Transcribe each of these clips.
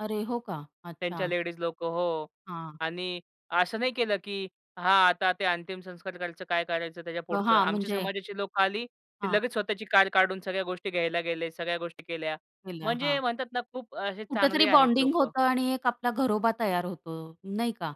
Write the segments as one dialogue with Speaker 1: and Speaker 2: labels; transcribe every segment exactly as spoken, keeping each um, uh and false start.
Speaker 1: अरे, हो का!
Speaker 2: त्यांच्या
Speaker 1: अच्छा!
Speaker 2: लेडीज लोकं हो.
Speaker 1: हां.
Speaker 2: आणि असं नाही केलं की हां, आता ते अंतिम संस्कार करायचं? काय करायचं त्याच्या पुढचं?
Speaker 1: हां,
Speaker 2: आमच्या
Speaker 1: म्हणजे
Speaker 2: समाजाची लोकं आली. ते
Speaker 1: हां.
Speaker 2: लगेच स्वतःची कार काढून सगळ्या गोष्टी घ्यायला गेले. सगळ्या गोष्टी केल्या.
Speaker 1: विला
Speaker 2: म्हणजे
Speaker 1: हां.
Speaker 2: म्हणतात ना, खूप असे
Speaker 1: कुठेतरी
Speaker 2: चांगले आहेत
Speaker 1: बॉन्डिंग
Speaker 2: लोकं.
Speaker 1: होतं आणि एक आपला घरोबा तयार होतो नाही का?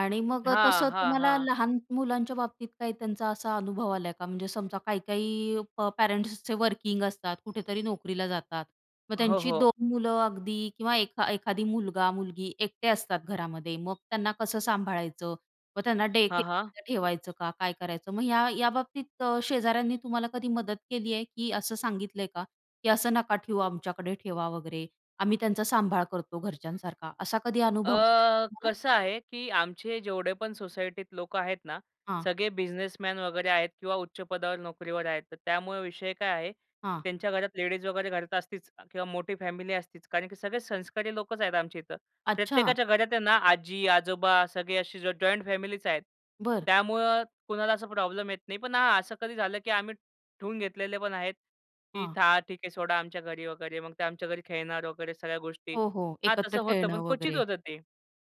Speaker 1: आणि मग
Speaker 2: हां,
Speaker 1: तसं
Speaker 2: हां,
Speaker 1: तुम्हाला
Speaker 2: हां.
Speaker 1: लहान मुलांच्या बाबतीत काही त्यांचा असा अनुभव आला का म्हणजे समजा काही काही प पेरेंट्सचे वर्किंग असतात, कुठेतरी नोकरीला जातात. मग
Speaker 2: हो,
Speaker 1: त्यांची
Speaker 2: हो.
Speaker 1: दोन मुलं अगदी किंवा एखा एखादी मुलगा-मुलगी एकटे असतात घरामध्ये, मग त्यांना कसं सांभाळायचं. मग त्यांना
Speaker 2: हां,
Speaker 1: डेकेअर
Speaker 2: हां.
Speaker 1: मध्ये ठेवायचं का? काय करायचं? मग या, या बाबतीत शेजाऱ्यांनी तुम्हाला कधी मदत केली आहे, की असं सांगितलंय का? की असं नका ठेवू, आमच्याकडे ठेवा वगैरे. आम्ही त्यांचा सांभाळ करतो घरच्यांसारखा. असा कधी अनुभव आला आहे का
Speaker 2: अ,
Speaker 1: तुम्हाला?
Speaker 2: कसं आहे की आमचे जेवढे पण सोसायटीत लोकं आहेत ना,
Speaker 1: हां.
Speaker 2: सगळे बिझनेसमन वगैरे आहेत किंवा उच्च पदावर नोकरीवर आहेत. तर त्यामुळे विषय काय आहे?
Speaker 1: हां.
Speaker 2: त्यांच्या घरात लेडीज वगैरे घरात असतीच किंवा मोठी फॅमिली असतीच. कारण की सगळे संस्कारी लोकंच आहेत आमच्या इथं.
Speaker 1: अच्छा.
Speaker 2: प्रत्येकाच्या घरात आहे ना, आजी-आजोबा सगळे असे ज जॉइंट फॅमिलीच आहेत.
Speaker 1: बरं.
Speaker 2: त्यामुळं कुणाला असा प्रॉब्लेम येत नाही. पण हा असं कधी झालं, की आम्ही, ठेवून घेतलेले पण आहेत, की
Speaker 1: हां.
Speaker 2: था, ठीक आहे सोडा आमच्या घरी वगैरे, मग ते आमच्या घरी खेळणार वगैरे सगळ्या गोष्टी.
Speaker 1: हो, हो.
Speaker 2: हां,
Speaker 1: एकत्र
Speaker 2: तसं होतं, पण
Speaker 1: खेळणं
Speaker 2: क्वचित
Speaker 1: वगैरे.
Speaker 2: होतं ते.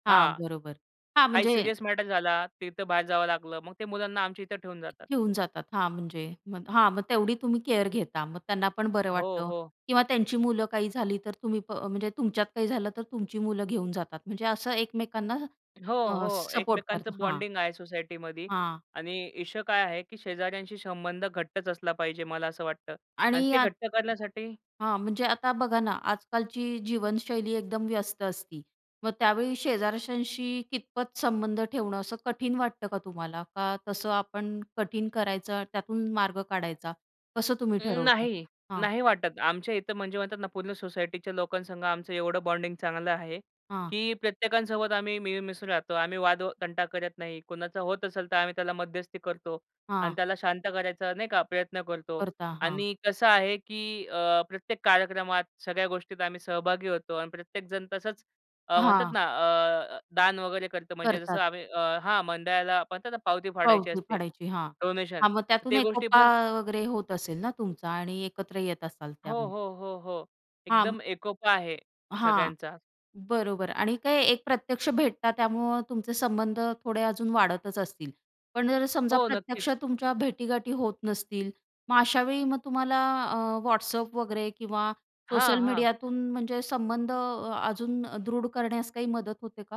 Speaker 1: हां,
Speaker 2: हां,
Speaker 1: बरोबर. हां,
Speaker 2: काही
Speaker 1: म्हणजे
Speaker 2: सीरियस मॅटर झाला तिथं बाहेर जावं लागलं. मग ते मुलांना आमच्या इथे ठेवून जातात.
Speaker 1: घेऊन जातात. हां, म्हणजे मग हां, मग तेवढी तुम्ही केअर घेता मग त्यांना पण बरं
Speaker 2: हो,
Speaker 1: वाटतं
Speaker 2: हो.
Speaker 1: किंवा त्यांची मुलं काही झाली तर, तुम्ही प म्हणजे तुमच्यात काही झालं तर, तुमची मुलं घेऊन जातात म्हणजे असं एकमेकांना
Speaker 2: हो,
Speaker 1: अ,
Speaker 2: हो.
Speaker 1: सपोर्ट
Speaker 2: एकमेकांच
Speaker 1: करता, हां.
Speaker 2: बॉन्डिंग आहे सोसायटीमध्ये
Speaker 1: हां.
Speaker 2: आणि इश्यू काय आहे, की शेजाऱ्यांशी संबंध घट्टच असला पाहिजे, मला असं वाटतं आणि
Speaker 1: आणि
Speaker 2: ते
Speaker 1: यात,
Speaker 2: घट्ट करण्यासाठी
Speaker 1: हां. म्हणजे आता बघा ना, आजकालची जीवनशैली एकदम व्यस्त असती. मग त्यावेळी शेजारच्यांशी कितपत संबंध ठेवणं असं कठीण वाटतं का तुम्हाला? का तसं आपण कठीण करायचं त्यातून मार्ग काढायचा कसं तुम्ही
Speaker 2: अं,
Speaker 1: ठरवता?
Speaker 2: नाही,
Speaker 1: हां.
Speaker 2: नाही वाटत. आमच्या इथं म्हणजे म्हणतात ना, पूर्ण सोसायटीच्या लोकांसंग आमचं एवढं बॉन्डिंग चांगलं आहे.
Speaker 1: हां.
Speaker 2: की प्रत्येकांसोबत आम्ही मिळून-मिसळून राहतो. आम्ही वाद तंटा करत नाही, कुणाचा होत असेल तर आम्ही त्याला मध्यस्थी करतो आणि
Speaker 1: हां.
Speaker 2: त्याला शांत करायचा नाही का, प्रयत्न करतो.
Speaker 1: करता, हां.
Speaker 2: आणि कसं आहे, की अ, प्रत्येक कार्यक्रमात सगळ्या गोष्टीत आम्ही सहभागी होतो आणि प्रत्येकजण तसंच, अ, म्हणतात
Speaker 1: हां.
Speaker 2: ना अ, दान वगैरे करतो, म्हणजे जसं
Speaker 1: करतात.
Speaker 2: आम्ही अ, हां, मंडळाला म्हणतात ना, पावती फाडायची
Speaker 1: पावती
Speaker 2: असते.
Speaker 1: फाडायची हां,
Speaker 2: डोनेशन
Speaker 1: हां, मग त्यातून
Speaker 2: ते
Speaker 1: एकोपा
Speaker 2: गोष्टीपण
Speaker 1: वगैरे होत असेल ना, तुमचा आणि एकत्र येत असाल
Speaker 2: हो,
Speaker 1: त्यामुळे?
Speaker 2: हो. हो, हो.
Speaker 1: हां.
Speaker 2: एकदम एकोपा आहे
Speaker 1: हां,
Speaker 2: सगळ्यांचा.
Speaker 1: बरोबर आणि काही एक प्रत्यक्ष भेटतात त्यामुळं तुमचे संबंध थोडे अजून वाढतच असतील. पण जर समजा
Speaker 2: हो,
Speaker 1: प्रत्यक्ष
Speaker 2: नक्कीच.
Speaker 1: तुमच्या भेटीगाठी होत नसतील. मग अशावेळी मग तुम्हाला अ, WhatsApp वगैरे किंवा
Speaker 2: हां,
Speaker 1: सोशल
Speaker 2: हां.
Speaker 1: मीडियातून म्हणजे संबंध अजून अ, दृढ करण्यास काही मदत होते का?